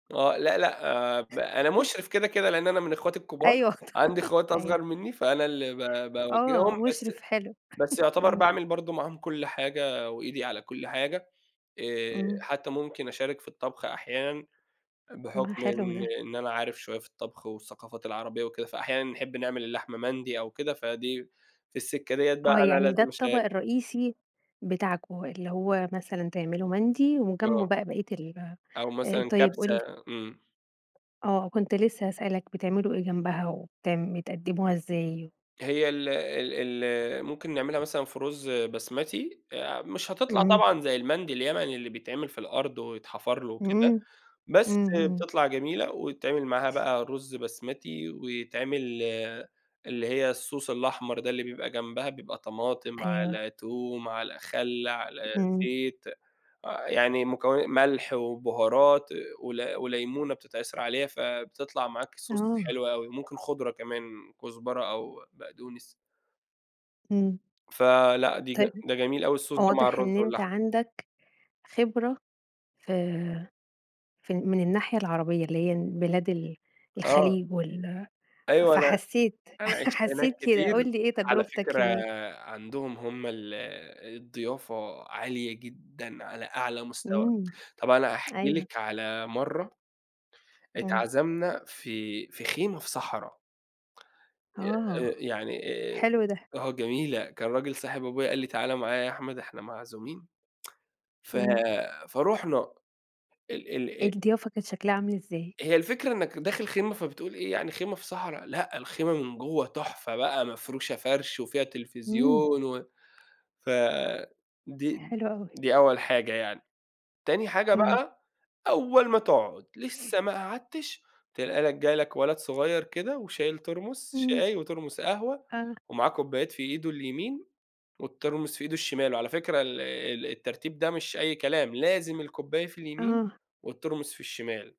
آه، لأ، لأ، آآ ب أنا مشرف كده كده لإن أنا من إخواتي الكبار. أي وقت. عندي إخوات أيوه. أصغر مني، فأنا اللي ب ب باوجههم، آه بس مشرف حلو. بس يعتبر امم. باعمل برضه معاهم كل حاجة وإيدي على كل حاجة. آآ، امم. حتى ممكن أشارك في الطبخ أحيانًا ما هو بحكم حلو إن ده. إن أنا عارف شوية في الطبخ والثقافات العربية وكده، فأحيانًا بنحب نعمل اللحمة مندي أو كده، فدي في السكة ديّه بقى آه، أنا يعني ده لازم الطبق أشارك. الرئيسي بتاعكم، اللي هو مثلًا تعملوا مندي وجنبه آه. بقى بقية ال أو آآ، مثلًا طيب قُل لي. كبسة، امم. آه، كنت لسه هسأل لك بتعملوا إيه جنبها وبت بتقدموها إزاي؟ هي ال ال ال آآ، ممكن نعملها مثلًا في رز بسمتي. آآ، مش هتطلع امم. طبعًا زي المندي اليمني اللي بيتعمل في الأرض ويتحفر له وكده، إمم. بس امم، آآ، امم. بتطلع جميلة، ويتعمل معاها بقى رز بسمتي، ويتعمل آآ، اللي هي الSauce الأحمر ده اللي بيبقى جنبها، بيبقى طماطم أيوه. على توم على خل على امم. زيت، آآ، يعني مكونا ملح وبهارات ول وليمونة بتتعصر عليها، فبتطلع معاك Sauce آه. حلو أوي، ممكن خضرة كمان، كزبرة أو بقدونس. امم. فلأ، دي ج طيب، ده جميل أوي الSauce ده مع واضح الرز إن أنت واللحمة. عندك خبرة ف ف من الناحية العربية اللي هي بلاد ال آه. الخليج وال أيوه، أنا فحسيت، أنا عِشت هناك حسيت كده. كتير. قُل لي إيه على فكرة تجربتك هناك؟ آآ، عندهم هم ال آآ الضيافة عالية جدًا على أعلى مستوى. امم، طَب أنا هاحكي أيوه. لِك على مَرّة امم. اتعزمنا في في خيمة في صحرا. آه، آآ، يعني آآ، حلو ده. آه جميلة، كان راجل صاحب أبويا قال لي تعالَ معايا يا أحمد، إحنا معزومين ف امم. فرُحنا. ال ال الضيافة كانت شكلها عامل إزاي؟ هي الفكرة إنك داخل خيمة، فبتقول إيه يعني؟ خيمة في صحرا؟! لأ، الخيمة من جوّه تحفة بقى، مفروشة فرش وفيها امم. تلفزيون و ف دي حلو أوي. دي أول حاجة يعني. تاني حاجة امم. بقى، أول ما تقعد، لسه ما قعدتش، تلاقي لك جالك ولد صغير كده وشايل Thermos امم. شاي وThermos قهوة آه. ومعاه كوبايات في إيده اليمين والThermos في إيده الشمال. على فكرة ال ال الترتيب ده مش أي كلام، لازم الكوباية في اليمين آه. والThermos في الشمال.